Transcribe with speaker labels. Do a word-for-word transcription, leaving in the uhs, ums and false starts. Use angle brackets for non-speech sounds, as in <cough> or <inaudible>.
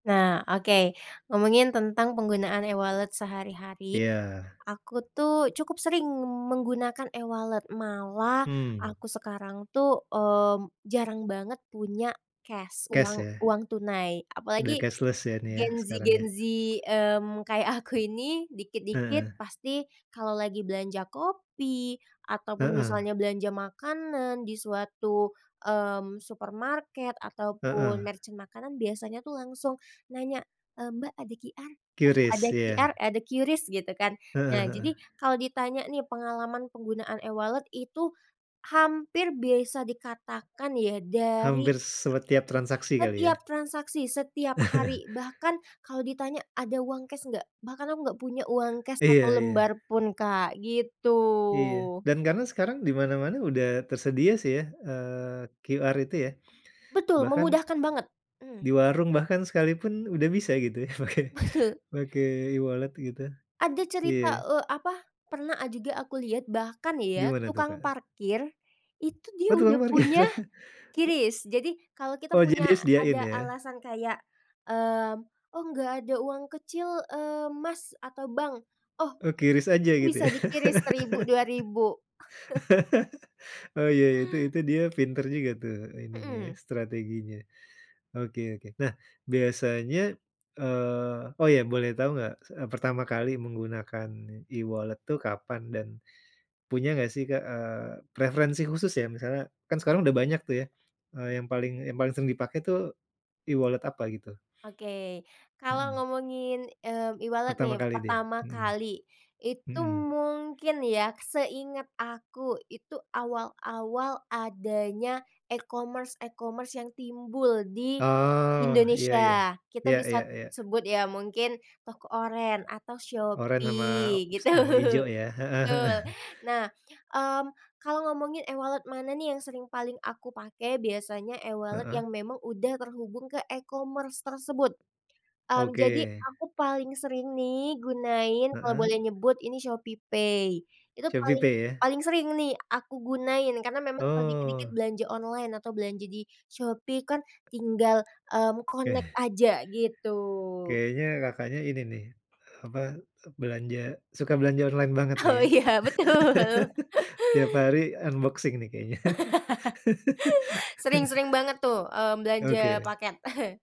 Speaker 1: Nah, oke. Ngomongin tentang penggunaan e-wallet sehari-hari,
Speaker 2: Iya.
Speaker 1: aku tuh cukup sering menggunakan e-wallet, malah
Speaker 2: Hmm.
Speaker 1: aku sekarang tuh mmm, jarang banget punya cash,
Speaker 2: Cash,
Speaker 1: uang
Speaker 2: ya.
Speaker 1: uang tunai.
Speaker 2: Udah
Speaker 1: Apalagi
Speaker 2: cashless ya nih ya,
Speaker 1: Gen Z,
Speaker 2: sekarang ya?
Speaker 1: Gen Z, mmm, kayak aku ini, dikit-dikit
Speaker 2: Heeh.
Speaker 1: pasti kalau lagi belanja kopi ataupun
Speaker 2: Heeh.
Speaker 1: misalnya belanja makanan di suatu, mmm, supermarket ataupun
Speaker 2: Heeh.
Speaker 1: merchant makanan, biasanya tuh langsung nanya, "Eee, Mbak ada QR? Mas,
Speaker 2: kyu-ris,
Speaker 1: ada
Speaker 2: iya.
Speaker 1: QR, eh, ada kyu-ris?" Gitu kan.
Speaker 2: Heeh
Speaker 1: Nah,
Speaker 2: heeh.
Speaker 1: jadi kalau ditanya nih pengalaman penggunaan e-wallet itu hampir bisa dikatakan ya dari
Speaker 2: Hampir sebetiap transaksi kali ya?
Speaker 1: setiap transaksi, setiap
Speaker 2: <chuckles>
Speaker 1: hari, bahkan kalau ditanya ada uang cash nggak? Bahkan aku nggak punya uang cash satu
Speaker 2: Iya iya.
Speaker 1: lembar pun Kak,
Speaker 2: Iya,
Speaker 1: gitu.
Speaker 2: dan karena sekarang dimana-mana udah tersedia sih ya, eee, QR itu ya.
Speaker 1: Betul,
Speaker 2: Bahkan,
Speaker 1: memudahkan banget! Mmm.
Speaker 2: di warung bahkan sekalipun udah bisa, gitu ya? Pakai,
Speaker 1: Betul.
Speaker 2: pakai e-wallet gitu.
Speaker 1: Ada cerita,
Speaker 2: Iya.
Speaker 1: eee, apa, pernah a juga aku lihat, bahkan ya
Speaker 2: Gimana tuh, Kak?
Speaker 1: tukang
Speaker 2: Eh
Speaker 1: parkir itu dia
Speaker 2: Oh, tukang
Speaker 1: udah
Speaker 2: parkir.
Speaker 1: punya ki-ris. Jadi kalau kita
Speaker 2: Oh, jadi
Speaker 1: punya
Speaker 2: dia sediain
Speaker 1: ada
Speaker 2: ya?
Speaker 1: alasan kayak, mmm, "Oh, nggak ada uang kecil, eee, Mas atau Bang." Oh,
Speaker 2: Oh, ki-ris aja gitu
Speaker 1: bisa
Speaker 2: ya?
Speaker 1: di ki-ris seribu dua ribu. <chuckles>
Speaker 2: Oh, ya, ya, itu itu dia pinter juga tuh, eee, ininya ya,
Speaker 1: Mhm.
Speaker 2: strateginya. Oke oke. Nah, biasanya eee, oh ya boleh tahu enggak? S eee, pertama kali menggunakan e-wallet tuh kapan dan punya enggak sih, Kak, eee, preferensi khusus, ya misalnya kan sekarang udah banyak tuh ya, eee, yang paling yang paling sering dipakai tuh e-wallet apa gitu?
Speaker 1: Oke. Kalau
Speaker 2: Mhm.
Speaker 1: ngomongin, mmm, e-wallet
Speaker 2: Pertama
Speaker 1: nih,
Speaker 2: kali dia,
Speaker 1: pertama
Speaker 2: mhm.
Speaker 1: kali, itu
Speaker 2: Mhm.
Speaker 1: mungkin ya seinget aku, itu awal-awal adanya e-commerce, e-commerce yang timbul di
Speaker 2: Oh, iya iya.
Speaker 1: Indonesia. Kita
Speaker 2: Iya iya
Speaker 1: bisat
Speaker 2: iya.
Speaker 1: sebut ya ,mungkin toko oren atau
Speaker 2: Oren sama
Speaker 1: Shopee,
Speaker 2: s
Speaker 1: gitu,
Speaker 2: sama hijau ya, heeh,
Speaker 1: betul.
Speaker 2: heeh.
Speaker 1: Nah, mmm, kalau ngomongin e-wallet mana nih yang sering paling aku pakai, biasanya e-wallet
Speaker 2: Heeh.
Speaker 1: yang memang udah terhubung ke e-commerce tersebut. Mmm, jadi
Speaker 2: Oke.
Speaker 1: aku paling sering nih gunain kalau
Speaker 2: Heeh.
Speaker 1: boleh nyebut ini ShopeePay. Itu paling
Speaker 2: ShopeePay, ya?
Speaker 1: paling sering nih aku gunain, karena memang kalau dikit-dikit
Speaker 2: Oh.
Speaker 1: belanja online atau belanja di Shopee kan tinggal, mmm,
Speaker 2: Eh
Speaker 1: connect aja, gitu.
Speaker 2: Kayaknya Kakaknya ini nih, eee, apa, eee, belanja suka belanja online banget nih
Speaker 1: Oh,
Speaker 2: ya?
Speaker 1: iya, betul.
Speaker 2: <chuckles> Tiap hari unboxing nih kayaknya.
Speaker 1: <laughs> Sering,
Speaker 2: <chuckles>
Speaker 1: sering banget tuh, mmm, belanja
Speaker 2: Oke.
Speaker 1: paket. <chuckles>